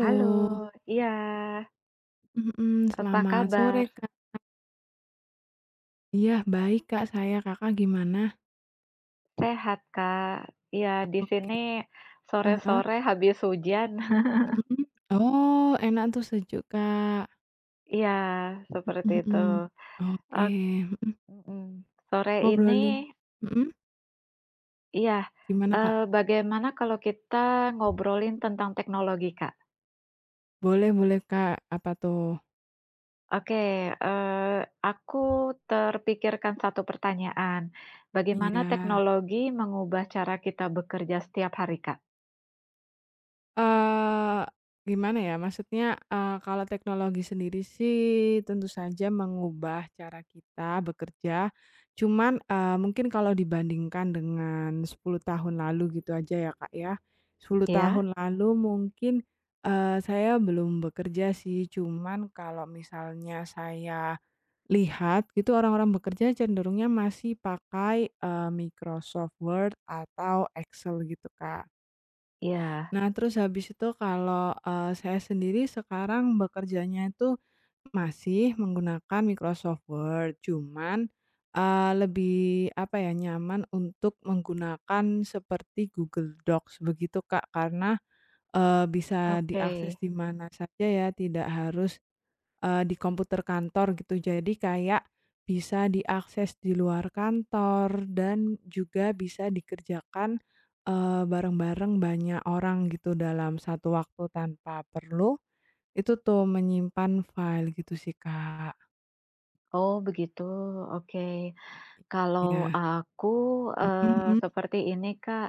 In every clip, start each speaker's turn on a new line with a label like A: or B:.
A: Halo, iya.
B: Mhm,
A: Apa
B: selamat sore,
A: kabar?
B: Kak. Iya, baik, Kak, saya, Kakak gimana?
A: Sehat ,Kak. Iya,
B: Oke.
A: disini
B: Heeh?
A: sore-sore habis hujan.
B: Mhm? Oh, enak tuh, sejuk, Kak.
A: Iya, seperti
B: Mhm
A: itu.
B: mhm, oke,
A: Ok
B: mhm.
A: mhm, sore ini
B: Ngobrolin, mhm?
A: Iya.
B: Gimana, Kak?
A: Eee, bagaimana kalau kita ngobrolin tentang teknologi, Kak?
B: Boleh boleh, Kak. Apa, tuh?
A: Oke, eee, aku terpikirkan 1 pertanyaan.
B: Iya.
A: Bagaimana teknologi mengubah cara kita bekerja setiap hari, Kak?
B: Eee, gimana, ya? Maksudnya, eee, kalau teknologi sendiri sih, tentu saja mengubah cara kita bekerja. Cuman, eee, mungkin kalau dibandingkan dengan 10 tahun lalu gitu aja ya, Kak, ya. 10
A: Iya.
B: tahun lalu mungkin, eee, saya belum bekerja sih, cuman kalau misalnya saya lihat, itu orang-orang bekerja cenderungnya masih pakai, eee, Microsoft Word atau Excel, gitu, Kak.
A: Iya.
B: Nah, terus habis itu kalau, eee, saya sendiri sekarang bekerjanya tuh, masih menggunakan Microsoft Word, cuman, eee, lebih, apa ya, nyaman untuk menggunakan seperti Google Docs begitu, Kak, karena, eee, bisa
A: Oke.
B: diakses di mana saja ya, tidak harus, eee, di komputer kantor, gitu. Jadi, kayak bisa diakses di luar kantor dan juga bisa dikerjakan, eee, bareng-bareng banyak orang gitu dalam satu waktu tanpa perlu itu tuh, menyimpan file, gitu sih, Kak.
A: Oh, begitu, oke. Kalau
B: Ya.
A: aku,
B: Mhm
A: eee,
B: mhm?
A: seperti ini, Kak,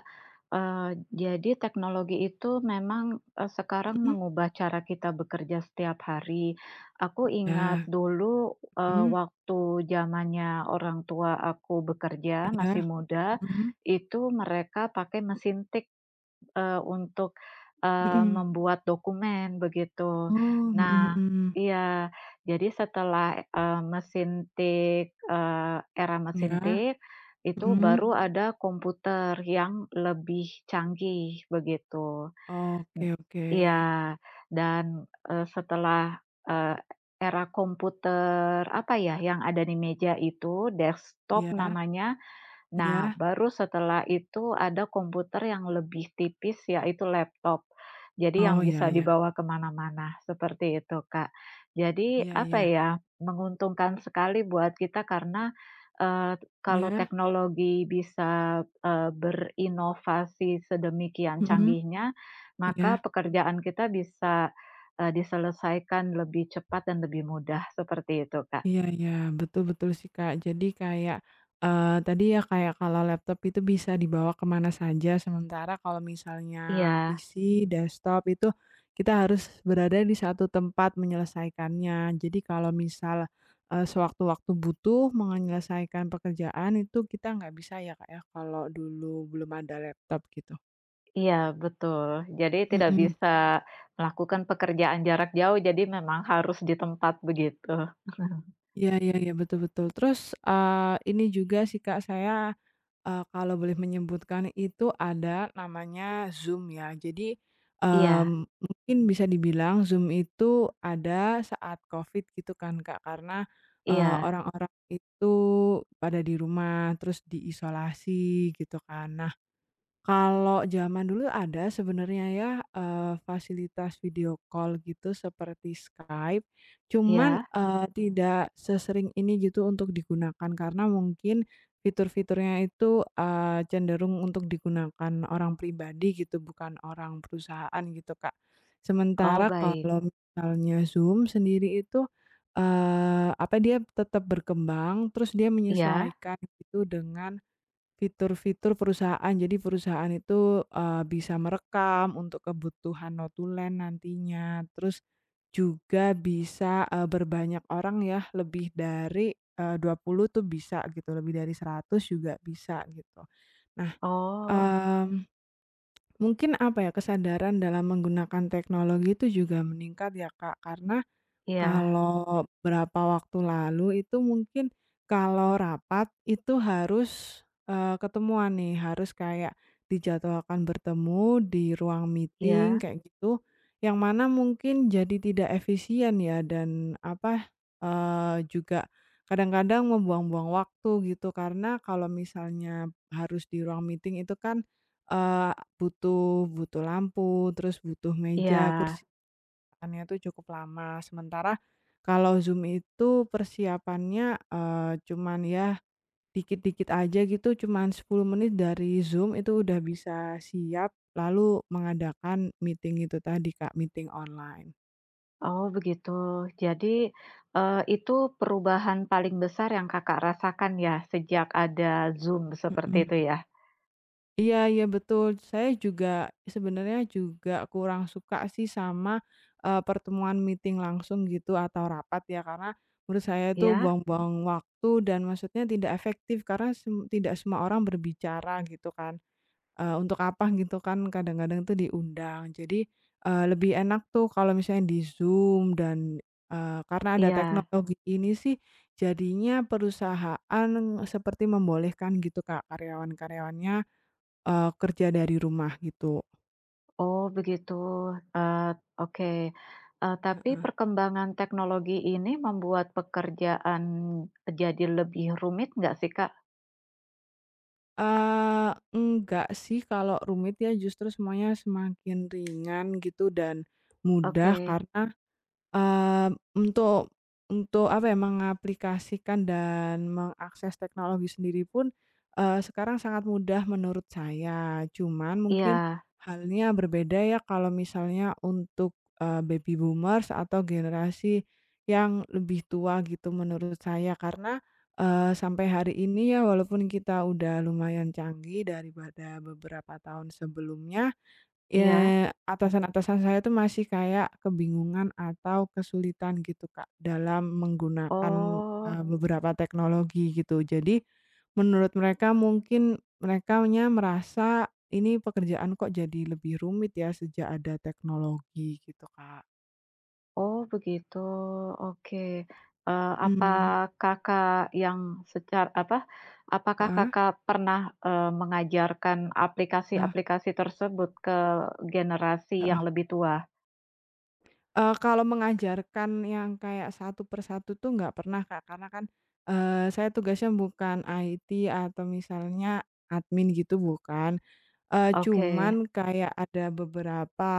A: eee, jadi teknologi itu memang, eee, sekarang
B: Mhm?
A: mengubah cara kita bekerja setiap hari. Aku ingat
B: Iya.
A: dulu, eee,
B: Mhm.
A: waktu zamannya orang tua aku bekerja, masih
B: Iya.
A: muda,
B: Mhm?
A: itu mereka pakai mesin tik, eee, untuk, eee,
B: Mhm.
A: membuat dokumen, begitu.
B: Oh, mhm
A: Nah,
B: mhm.
A: iya, jadi setelah, eee, mesin tik, eee, era mesin
B: Iya.
A: tik, itu
B: Mhm?
A: baru ada komputer yang lebih canggih, begitu. M
B: Oke, oke.
A: Iya. Dan, eee, setelah, eee, era komputer, apa ya, yang ada di meja itu
B: Iya.
A: desktop namanya, nah,
B: Iya.
A: baru setelah itu ada komputer yang lebih tipis yaitu laptop. Jadi yang
B: Oh, ya
A: bisa
B: ya.
A: dibawa kemana-mana, seperti itu, Kak. Jadi,
B: Iya
A: apa
B: ya.
A: ya, Menguntungkan sekali buat kita karena, eee, kalau
B: Iya?
A: teknologi bisa, eee, berinovasi sedemikian
B: Mhm.
A: canggihnya, maka
B: Iya.
A: pekerjaan kita bisa, eee, diselesaikan lebih cepat dan lebih mudah, seperti itu, Kak.
B: Iya iya, betul betul sih, Kak, jadi kayak, eee, tadi ya, kayak kalau laptop itu bisa dibawa kemana saja, sementara kalau misalnya
A: Iya.
B: PC, desktop itu, kita harus berada di 1 tempat menyelesaikannya. Jadi kalau misal, eee, sewaktu-waktu butuh mau ngenyelesaikan pekerjaan itu, kita nggak bisa ya, Kak, ya, kalau dulu belum ada laptop, gitu.
A: Iya, betul. Jadi tidak
B: Mhm.
A: bisa melakukan pekerjaan jarak jauh, jadi memang harus di tempat, begitu.
B: Iya iya iya, betul betul, terus, eee, ini juga sih, Kak, saya, eee, kalau boleh menyebutkan itu, ada namanya Zoom, ya. Jadi, eee,
A: Iya.
B: mungkin bisa dibilang Zoom itu ada saat Covid, gitu kan, Kak, karena, eee,
A: Iya.
B: orang-orang itu pada di rumah, terus diisolasi, gitu kan. Nah, kalau zaman dulu ada sebenarnya ya, eee, fasilitas video call gitu seperti Skype. Cuman,
A: Iya?
B: eee, tidak sesering ini, gitu, untuk digunakan karena mungkin fitur-fiturnya itu, eee, cenderung untuk digunakan orang pribadi gitu, bukan orang perusahaan, gitu, Kak.
A: Oh,
B: Sementara
A: baik.
B: kalau misalnya Zoom sendiri itu, eee, apa dia tetap berkembang, terus dia
A: Iya?
B: menyesuaikan itu dengan fitur-fitur perusahaan, jadi perusahaan itu, eee, bisa merekam untuk kebutuhan notulen nantinya. Terus juga bisa, eee, berbanyak orang ya, lebih dari, eee, 20 tuh bisa gitu, lebih dari 100 juga bisa, gitu. Nah,
A: Oh.
B: eee, mungkin apa ya, kesadaran dalam menggunakan teknologi itu juga meningkat ya, Kak, karena
A: Iya.
B: kalau berapa waktu lalu itu mungkin kalau rapat itu harus, eee, ketemuan nih, harus kayak dijadwalkan bertemu di ruang meeting
A: Iya?
B: kayak gitu, yang mana mungkin jadi tidak efisien ya, dan, apa, eee, juga kadang-kadang membuang-buang waktu gitu, karena kalau misalnya harus di ruang meeting itu kan, eee, butuh butuh lampu, terus butuh meja, kursi
A: Iya.
B: kan ya tuh cukup lama, sementara kalau Zoom itu persiapannya, eee, cuman ya dikit-dikit aja gitu, cuman 10 menit dari Zoom itu udah bisa siap, lalu mengadakan meeting itu tadi, Kak, meeting online.
A: Oh, begitu. Jadi, eee, itu perubahan paling besar yang Kakak rasakan ya, sejak ada Zoom, seperti
B: Mhm.
A: itu, ya?
B: Iya iya, betul, saya juga, sebenernya juga kurang suka sih sama, eee, pertemuan meeting langsung gitu, atau rapat ya, karena menurut saya itu
A: Iya?
B: buang-buang waktu dan maksudnya tidak efektif karena sem tidak semua orang berbicara, gitu kan. Eee, untuk apa gitu kan, kadang-kadang tuh diundang, jadi, eee, lebih enak tuh kalau misalnya di Zoom dan, eee, karena ada
A: Iya.
B: teknologi ini sih, jadinya perusahaan seperti membolehkan, gitu, Kak, karyawan-karyawannya, eee, kerja dari rumah, gitu.
A: Oh, begitu. Eee, oke. E tapi
B: Heeh.
A: perkembangan teknologi ini membuat pekerjaan jadi lebih rumit enggak sih, Kak?
B: Eee, enggak sih, kalau rumit ya, justru semuanya semakin ringan gitu, dan mudah
A: Oke.
B: karena, eee, untuk untuk, apa ya, mengaplikasikan dan mengakses teknologi sendiri pun, eee, sekarang sangat mudah menurut saya. Cuman mungkin
A: Iya.
B: halnya berbeda ya, kalau misalnya untuk, eee, Baby Boomers atau generasi yang lebih tua gitu, menurut saya karena, eee, sampai hari ini ya, walaupun kita udah lumayan canggih daripada beberapa tahun sebelumnya,
A: Iya.
B: eee, atasan-atasan saya itu masih kayak kebingungan atau kesulitan gitu, Kak, dalam menggunakan,
A: Oh.
B: eee, beberapa teknologi, gitu. Jadi, menurut mereka mungkin merekanya merasa ini pekerjaan kok jadi lebih rumit ya sejak ada teknologi, gitu, Kak.
A: Oh, begitu, oke. Eee, apa
B: Hmm.
A: Kakak yang secar apa, apakah
B: Heeh?
A: Kakak, eee, pernah mengajarkan
B: Eh.
A: aplikasi-aplikasi tersebut ke generasi yang
B: Heeh.
A: lebih tua?
B: Eee, kalau mengajarkan yang kayak satu-persatu tuh, nggak pernah, Kak. Karena kan, eee, saya tugasnya bukan IT atau misalnya admin gitu, bukan. Eee,
A: Oke.
B: cuman kayak ada beberapa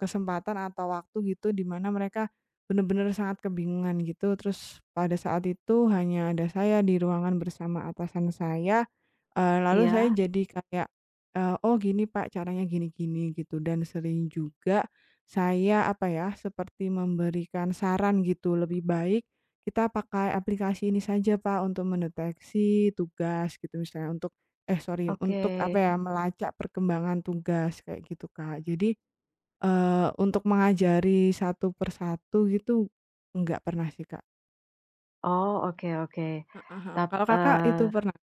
B: kesempatan atau waktu gitu, dimana mereka benar-benar sangat kebingungan gitu, terus pada saat itu hanya ada saya di ruangan bersama atasan saya, eee, lalu saya
A: Iya?
B: jadi kayak, eee, "Oh, gini, Pak, caranya gini-gini", gitu, dan sering juga saya, apa ya, seperti memberikan saran gitu, "Lebih baik kita pakai aplikasi ini saja, Pak, untuk mendeteksi tugas", gitu, misalnya untuk eh, sori, untuk,
A: Oke.
B: apa ya, melacak perkembangan tugas kayak gitu, Kak. Jadi, eee, untuk mengajari satu-persatu gitu, enggak pernah sih, Kak.
A: Oh, oke oke.
B: Heeh heeh,
A: Tap
B: kalau Kakak, itu
A: eee.
B: pernah?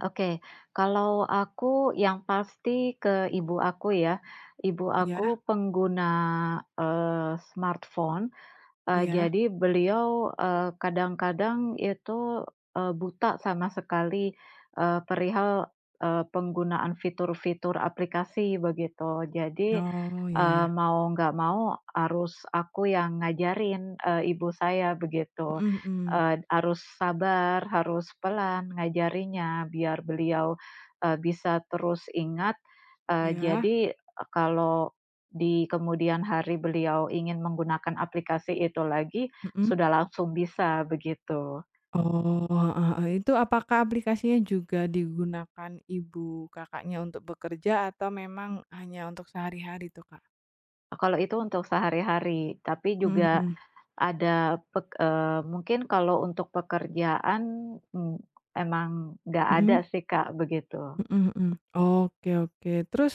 A: Oke, kalau aku yang pasti ke ibu aku, ya. Ibu
B: Iya?
A: aku pengguna, eee, smartphone, eee,
B: Iya.
A: jadi beliau, eee, kadang-kadang itu, eee, buta sama sekali, eee, perihal, eee, penggunaan fitur-fitur aplikasi, begitu. Jadi,
B: Oh, ya
A: eee,
B: ya.
A: mau nggak mau, harus aku yang ngajarin, eee, ibu saya, begitu.
B: Mhm mhm.
A: Ed harus sabar, harus pelan ngajarinnya, biar beliau, eee, bisa terus ingat, eee,
B: Iya.
A: jadi kalau di kemudian hari beliau ingin menggunakan aplikasi itu lagi,
B: Mhm?
A: sudah langsung bisa, begitu.
B: Oh, heeh heeh. Itu apakah aplikasinya juga digunakan ibu Kakaknya untuk bekerja atau memang hanya untuk sehari-hari tuh, Kak?
A: Oh, kalau itu untuk sehari-hari, tapi
B: Mhm
A: juga
B: mhm.
A: ada pek eee, mungkin kalau untuk pekerjaan, m emang nggak ada
B: Mhm?
A: sih, Kak, begitu.
B: Mhm mhm, oke, oke. Terus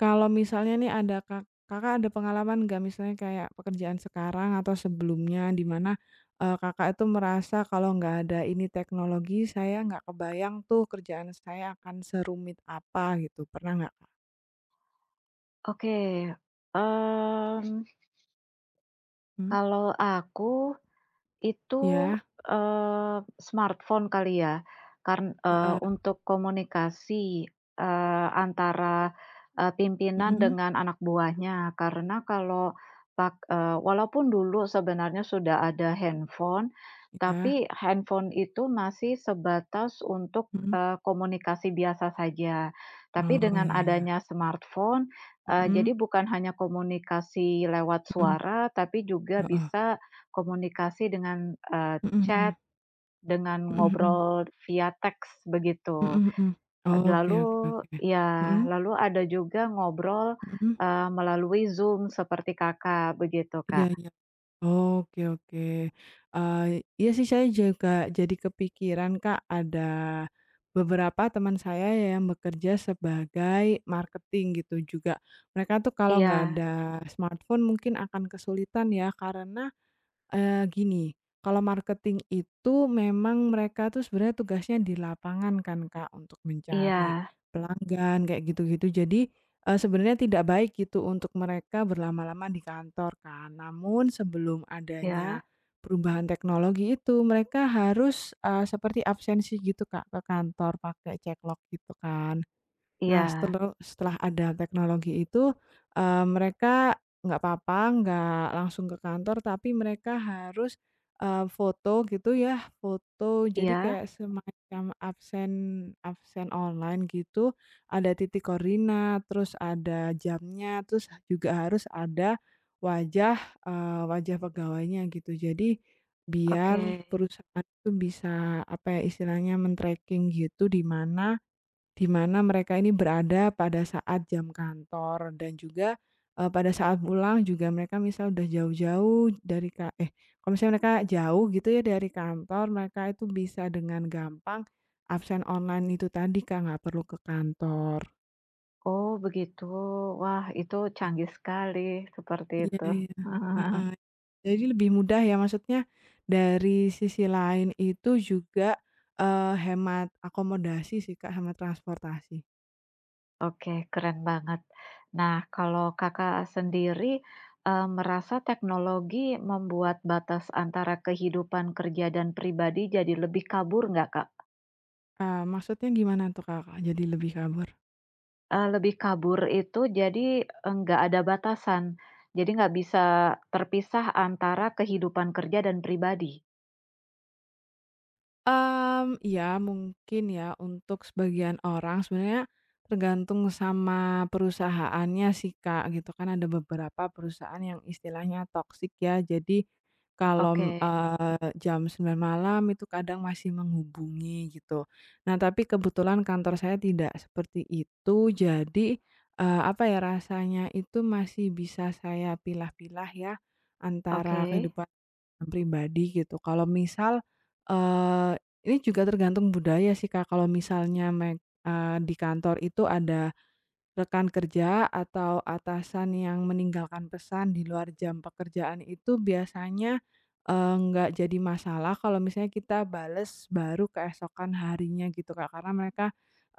B: kalau misalnya nih, ada Ka Kakak ada pengalaman nggak? Misalnya kayak pekerjaan sekarang, atau sebelumnya dimana, eee, Kakak itu merasa kalau nggak ada ini teknologi, saya nggak kebayang tuh, kerjaan saya akan serumit apa gitu, pernah nggak?
A: Oke, mmm
B: Mmm.
A: Kalau aku itu,
B: Iya.
A: eee, smartphone kali ya. Karn eee,
B: Heeh.
A: untuk komunikasi, eee, antara, eee, pimpinan
B: Mhm.
A: dengan anak buahnya. Karena, kalau pak eee walaupun dulu sebenarnya sudah ada handphone,
B: Iya.
A: tapi handphone itu masih sebatas untuk,
B: Mhm.
A: eee, komunikasi biasa saja. Tapi,
B: Oh
A: dengan
B: ya ya.
A: adanya smartphone, eee,
B: Mhm.
A: jadi bukan hanya komunikasi lewat
B: Mmm.
A: suara, tapi juga
B: Heeh.
A: bisa komunikasi dengan, eee,
B: Mhm
A: chat
B: mhm.
A: dengan
B: Mhm mhm.
A: ngobrol via teks begitu.
B: Mhm mhm. Oke
A: Lalu,
B: oke oke.
A: ya
B: Mhm.
A: lalu ada juga ngobrol,
B: Mmm.
A: eee, melalui Zoom seperti Kakak begitu,
B: Iya
A: Kak.
B: iya. oke oke, eee, iya sih saya juga jadi kepikiran Kak, ada beberapa teman saya yang bekerja sebagai marketing gitu juga. Mereka tuh kalau nggak
A: Iya.
B: ada smartphone mungkin akan kesulitan ya, karena, eee, gini kalau marketing itu memang mereka tuh sebenarnya tugasnya di lapangan kan, Kak. Untuk mencari
A: Iya.
B: pelanggan kayak gitu-gitu. Jadi, eee, sebenarnya tidak baik gitu untuk mereka berlama-lama di kantor kan. Namun, sebelum adanya
A: Ya.
B: perubahan teknologi itu. Mereka harus, eee, seperti absensi gitu Kak ke kantor pakai ceklok gitu kan. Nah,
A: Iya.
B: seteleh setelah ada teknologi itu, eee, mereka nggak apa-apa nggak langsung ke kantor, tapi mereka harus, eee, foto gitu ya, foto. Jadi
A: Iya.
B: kayak semacam absen absen online gitu ada titik koordinat, terus ada jamnya, terus juga harus ada wajah, eee, wajah pegawainya gitu. Jadi, biar
A: Oke.
B: perusahaan itu bisa apa ya istilahnya, men-tracking gitu di mana di mana mereka ini berada pada saat jam kantor dan juga, eee, pada saat pulang juga mereka misal udah jauh-jauh dari ka eh, kalau misalnya mereka jauh gitu ya dari kantor, mereka itu bisa dengan gampang absen online itu tadi Kak, nggak perlu ke kantor.
A: Oh begitu. Wah itu canggih sekali seperti
B: Ya
A: itu.
B: ya. Heeh. Jadi lebih mudah ya, maksudnya dari sisi lain itu juga, eee, hemat akomodasi sih Kak, hemat transportasi.
A: Oke keren banget. Nah kalau Kakak sendiri, eee, merasa teknologi membuat batas antara kehidupan kerja dan pribadi jadi lebih kabur enggak, Kak?
B: Eee, maksudnya gimana tuh Kakak jadi lebih kabur?
A: Eee, lebih kabur itu jadi enggak ada batasan. Jadi, nggak bisa terpisah antara kehidupan kerja dan pribadi.
B: Mmm, iya mungkin ya. Untuk sebagian orang, sebenarnya tergantung sama perusahaannya sih Kak gitu kan. Ada beberapa perusahaan yang istilahnya toxic ya. Jadi, kalau,
A: Oke.
B: eee, jam 9.00 malam itu kadang masih menghubungi gitu. Nah, tapi kebetulan kantor saya tidak seperti itu. Jadi, eee, apa ya, rasanya itu masih bisa saya pilah-pilah ya, antara
A: Oke.
B: kehidupan pribadi gitu. Kalau misal, eee, ini juga tergantung budaya sih, Kak. Kalau misalnya, me eee di kantor itu ada rekan kerja atau atasan yang meninggalkan pesan di luar jam pekerjaan itu biasanya, eee, nggak jadi masalah kalau misalnya kita bales baru keesokan harinya gitu, Kak. Karena mereka,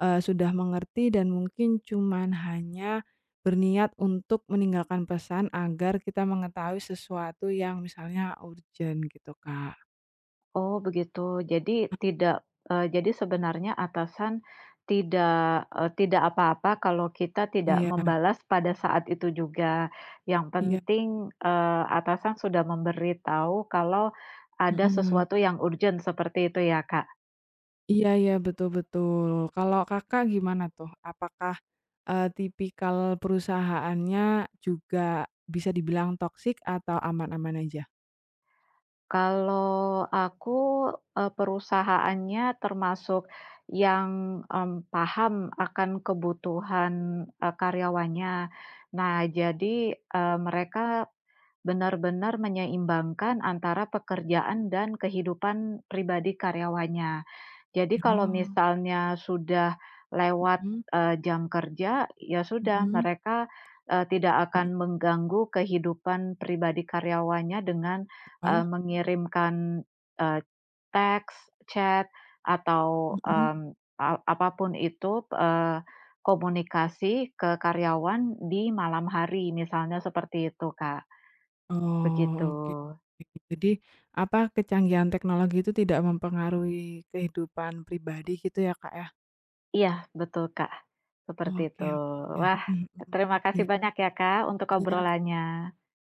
B: eee, sudah mengerti dan mungkin cuma hanya berniat untuk meninggalkan pesan agar kita mengetahui sesuatu yang misalnya urgent gitu, Kak.
A: Oh begitu. Jadi, tidak, eee jadi sebenarnya atasan tidak, eee, tidak apa-apa kalau kita tidak
B: Iya.
A: membalas pada saat itu juga, yang
B: Iya.
A: penting, eee, atasan sudah memberitahu kalau
B: Mhm
A: ada
B: mhm.
A: sesuatu yang urgent seperti itu ya, Kak?
B: Iya iya betul betul. Kalau Kakak gimana tuh, apakah, eee, tipikal perusahaannya juga bisa dibilang toxic atau aman-aman aja?
A: Kalau aku, eee, perusahaannya termasuk yang, mmm, paham akan kebutuhan, eee, karyawannya. Nah jadi, eee, mereka benar-benar menyeimbangkan antara pekerjaan dan kehidupan pribadi karyawannya. Jadi, kalau
B: Oh.
A: misalnya sudah lewat,
B: Mhm.
A: eee, jam kerja, ya sudah
B: Mhm.
A: mereka, eee, tidak
B: Mmm.
A: akan mengganggu kehidupan pribadi karyawannya dengan, eee,
B: Ah.
A: mengirimkan, eee, teks, chat, atau,
B: Mhm.
A: mmm, a apa pun itu, eee, komunikasi ke karyawan di malam hari, misalnya seperti itu, Kak.
B: Oh
A: Begitu.
B: oke. Jadi apa kecanggihan teknologi itu tidak mempengaruhi kehidupan pribadi gitu ya Kak ya?
A: Iya betul, Kak. Seperti
B: Oh
A: itu.
B: oke oke.
A: Wah
B: Mhm
A: terima
B: mhm.
A: kasih
B: [unintelligible]
A: banyak ya Kak untuk
B: Ya.
A: obrolannya.